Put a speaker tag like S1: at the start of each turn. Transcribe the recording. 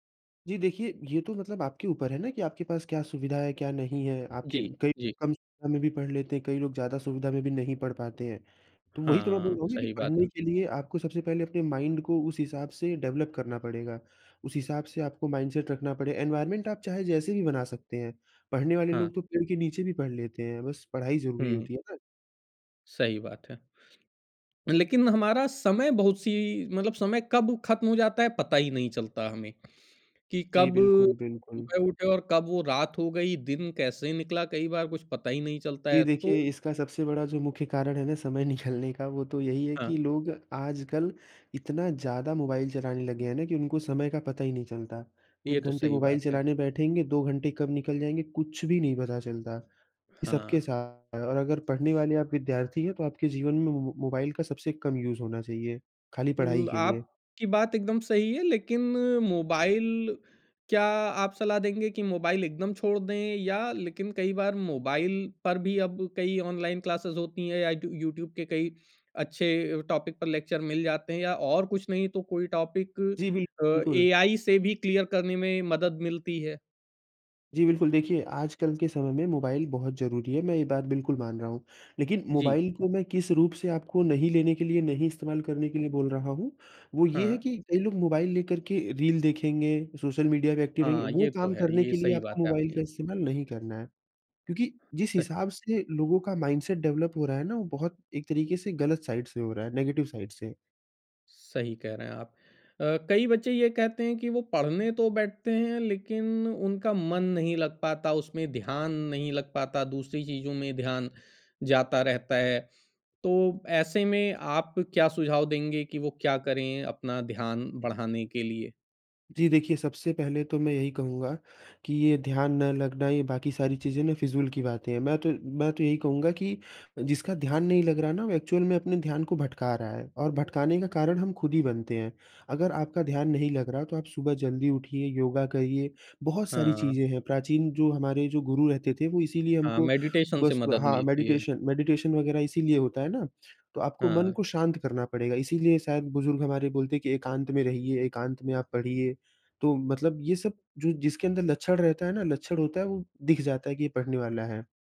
S1: जी देखिए, ये तो मतलब आपके ऊपर है ना कि आपके पास क्या सुविधा है, क्या नहीं है। आपकी
S2: जी,
S1: कई
S2: जी।
S1: कम सुविधा में भी पढ़ लेते हैं, कई लोग ज़्यादा सुविधा में भी नहीं पढ़ पाते हैं। तो, वही तो मैं बोल
S2: हाँ,
S1: रहा हूँ कि
S2: सही बात।
S1: पढ़ने के लिए आपको सबसे पहले अपने माइंड को उस हिसाब से डेवलप करना पड़ेगा। उस हिसाब से आपको माइंडसेट रखना पड़े एनवायरनमेंट आप चाहे जैसे भी बना सकते हैं। पढ़ने वाले
S2: हाँ।
S1: लोग तो पेड़ के नीचे भी पढ़ लेते हैं। बस पढ़ाई ज़रूरी
S2: हुँ।
S1: होती है ना?
S2: सही बात है। लेकिन हमारा समय बहुत-सी मतलब समय कब खत्म हो जाता है, पता ही नहीं चलता हमें। कि
S1: जी,
S2: कब
S1: बिल्कुल, बिल्कुल।
S2: सुबह उठे और कब वो रात हो गई, दिन कैसे निकला, कई बार कुछ पता ही नहीं चलता
S1: जी
S2: है। तो
S1: देखिए, इसका सबसे बड़ा जो मुख्य कारण है ना समय निकालने का, वो तो यही है
S2: हाँ।
S1: कि लोग आजकल इतना ज़्यादा मोबाइल चलाने लगे हैं ना, कि उनको समय का पता ही नहीं चलता।
S2: ये
S1: 1
S2: तो
S1: घंटे
S2: सही
S1: मोबाइल
S2: बात है।
S1: चलाने बैठेंगे, 2 घंटे कब निकल जाएँगे, कुछ भी नहीं पता चलता। ये सबके
S2: हाँ।
S1: सा और अगर पढ़ने वाले आप विद्यार्थी हैं, तो आपके जीवन में मो मो मोबाइल का सबसे कम यूज़ होना चाहिए, खाली पढ़ाई
S2: ल
S1: के लिए।
S2: आप की बात एकदम सही है लेकिन मोबाइल क्या आप सलाह देंगे कि मोबाइल एकदम छोड़ दें? या लेकिन कई बार मोबाइल पर भी अब कई ऑनलाइन क्लासेज़ होती हैं या यूट यूट्यूब के कई अच्छे अ, टॉपिक पर लेक्चर मिल जाते हैं या और कुछ नहीं तो कोई टॉपिक
S1: जी, बिल्क
S2: अ,
S1: बिल्कुल।
S2: एआई से भी क्लियर करने में मदद मिलती है?
S1: जी बिल्कुल, देखिए, आज कल के समय में मोबाइल बहुत ज़रूरी है, मैं ये बात बिल्कुल मान रहा हूँ। लेकिन
S2: जी।
S1: मोबाइल को मैं किस रूप से आपको नहीं लेने के लिए, नहीं इस्तेमाल करने के लिए बोल रहा हूँ। वो ये है
S2: हाँ।
S1: कि कई लोग मोबाइल लेकर के रील देखेंगे। सोशल मीडिया पे एक्टिव रहेंगे।
S2: हाँ,
S1: वो
S2: ये तो
S1: काम
S2: है।
S1: करने
S2: ये
S1: के लिए
S2: सही
S1: आपको
S2: बात है
S1: मोबाइल का
S2: आपकी।
S1: इस्तेमाल नहीं करना है। क्योंकि जिस
S2: सह
S1: हिसाब से लोगों का माइंडसेट डेवलप हो रहा है ना, वो बहुत एक तरीके से गलत साइड से हो रहा है, नेगेटिव साइड से।
S2: सही कह रहे हैं आप। अ, कई बच्चे ये कहते हैं कि वो पढ़ने तो बैठते हैं लेकिन उनका मन नहीं लग पाता, उसमें ध्यान नहीं लग पाता, दूसरी चीज़ों में ध्यान जाता रहता है। तो ऐसे में, आप क्या सुझाव देंगे कि वो क्या करें, अपना ध्यान बढ़ाने के लिए?
S1: जी, देखिए सबसे पहले तो मैं यही कहूँगा कि ये ध्यान न लगना, ये बाकी सारी चीज़ें ना, फिज़ूल की बातें हैं। मैं तो मैं तो यही कहूँगा कि जिसका ध्यान नहीं लग रहा ना, वो एक्चुअल में अपने ध्यान को भटका रहा है। और भटकाने का कारण हम खुद ही बनते हैं। अगर आपका ध्यान नहीं लग रहा, तो आप सुबह जल्दी उठिए, योगा करिए, बहुत सारी
S2: हाँ।
S1: चीज़ें हैं। प्राचीन जो हमारे जो गुरु रहते थे, वो इसीलिए
S2: हाँ,
S1: हमको
S2: मेडिटेशन से
S1: सुबह-सुबह
S2: मदद
S1: हाँ,
S2: मिलती है।
S1: मेडिटेशन मेडिटेशन वग़ैरह इसीलिए होता है ना? तो आपको मन
S2: हाँ।
S1: को शांत करना पड़ेगा। इसीलिए शायद, बुज़ुर्ग हमारे बोलते हैं कि एकांत में रहिए, एकांत में आप पढ़िए। तो मतलब ये सब जो जिसके अंदर लक्षण रहता है ना, लक्षण होता है, वो दिख जाता है कि ये पढ़ने वाला है।